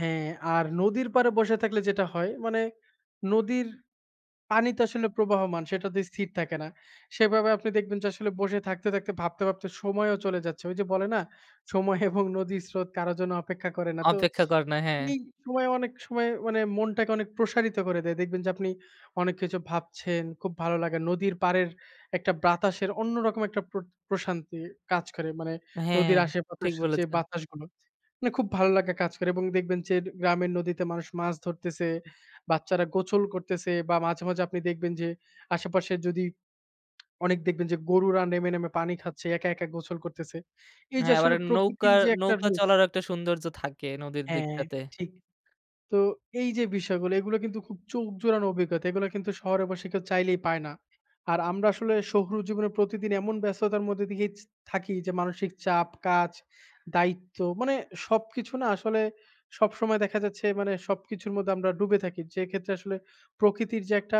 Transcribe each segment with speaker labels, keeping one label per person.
Speaker 1: হ্যাঁ, আর নদীর পাড়ে বসে থাকলে যেটা হয়, মানে নদীর পানি তো আসলে প্রবাহমান। সেটাতে স্থির থাকে না। সেভাবে আপনি দেখবেন যে, আসলে বসে থাকতে, থাকতে ভাবতে, ভাবতে সময়ও চলে যাচ্ছে। ওই যে বলে না? সময় এবং নদীর স্রোত কারো জন্য অপেক্ষা করে না। তো
Speaker 2: অপেক্ষা করে না, হ্যাঁ।
Speaker 1: এই সময়, অনেক সময় মানে মনটাকে অনেক প্রসারিত করে দেয়। দেখবেন যে, আপনি অনেক কিছু ভাবছেন। খুব ভালো লাগে নদীর পাড়ের একটা বাতাসের অন্য রকম একটা প্র প্রশান্তি কাজ করে, মানে
Speaker 2: হ্যাঁ,
Speaker 1: নদীর
Speaker 2: ঠিক
Speaker 1: আশেপাশের যে
Speaker 2: বলেছেন।
Speaker 1: বাতাসগুলো মানে খুব ভালো লাগে কাজ করে, এবং দেখবেন যে গ্রামের নদীতে মানুষ মাছ ধরতেছে, বাচ্চারা গোসল করতেছে, বা মাঝে, মাঝে আপনি দেখবেন যে, আশেপাশের যদি অনেক দেখবেন, যে গরুরা নেমে, নেমে পানি খাচ্ছে, একা, একা গোছল করতেছে। এই যে
Speaker 2: হ্যাঁ,
Speaker 1: আসলে
Speaker 2: এবারে
Speaker 1: প্রকৃতির
Speaker 2: নৌকার
Speaker 1: যে একটা
Speaker 2: নৌকা
Speaker 1: জি।
Speaker 2: চলার একটা সৌন্দর্য থাকে নদীর
Speaker 1: হ্যাঁ,
Speaker 2: দিকটাতে।
Speaker 1: ঠিক। তো এই যে বিষয়গুলো এগুলো কিন্তু খুব চোখ জোড়ানো অভিজ্ঞতা, এগুলো কিন্তু শহরবাসী কেউ চাইলেই পায় না। আর আমরা আসলে শহুর জীবনে প্রতিদিন এমন ব্যস্ততার মধ্যে দিয়েই জ থাকি। যে, মানসিক চাপ, কাজ, দায়িত্ব মানে সবকিছু না আসলে, সবসময় দেখা যাচ্ছে, মানে সবকিছুর মধ্যে আমরা ডুবে থাকি। যেক্ষেত্রে আসলে প্রকৃতির যে একটা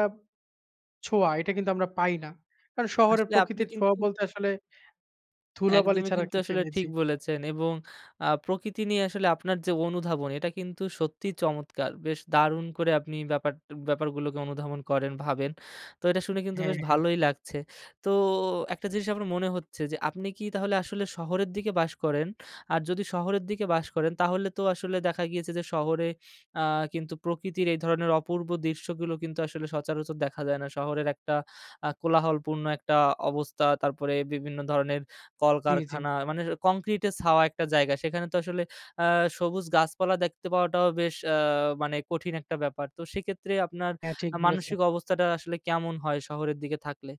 Speaker 1: ছোঁয়া, এটা কিন্তু আমরা পাই না। কারণ শহরের
Speaker 2: আসলে আপনি
Speaker 1: প্রকৃতির ছোঁয়া
Speaker 2: কিন্তু
Speaker 1: বলতে আসলে ধুলাবালি
Speaker 2: একদমই,
Speaker 1: ছাড়া
Speaker 2: কিন্তু
Speaker 1: কিছু
Speaker 2: আসলে
Speaker 1: নেই।
Speaker 2: ঠিক
Speaker 1: জি।
Speaker 2: বলেছেন এবং আ প্রকৃতি নিয়ে আসলে আপনার যে অনুধাবন। এটা কিন্তু সত্যিই চমৎকার! বেশ দারুণ করে আপনি ব্যাপার ব্যাপারগুলোকে অনুধাবন করেন, ভাবেন, তো এটা শুনে কিন্তু
Speaker 1: হ্যাঁ,
Speaker 2: বেশ
Speaker 1: হ্যাঁ।
Speaker 2: ভালোই লাগছে। তো একটা জিনিস আপনার মনে হচ্ছে যে, আপনি কি তাহলে আসলে শহরের দিকে বাস করেন? আর যদি শহরের দিকে বাস করেন, তাহলে তো আসলে দেখা গিয়েছে যে, শহরে আ কিন্তু প্রকৃতির এই ধরনের অপূর্ব দৃশ্যগুলো কিন্তু আসলে সচরাচর দেখা যায় না। শহরের একটা আ কোলাহলপূর্ণ একটা অবস্থা, তারপরে বিভিন্ন ধরনের
Speaker 1: জি, জি।
Speaker 2: কলকারখানা, মানে কংক্রিট এ ছাওয়া একটা জায়গা। সেখানে তো আসলে আ সবুজ গাছপালা দেখতে পাওয়াটাও বেশ আ মানে কঠিন একটা ব্যাপার। তো সেক্ষেত্রে আপনার
Speaker 1: হ্যাঁ, ঠিক
Speaker 2: আ
Speaker 1: বলেছেন।
Speaker 2: মানসিক অবস্থাটা আসলে কেমন হয়, শহরের দিকে থাকলে?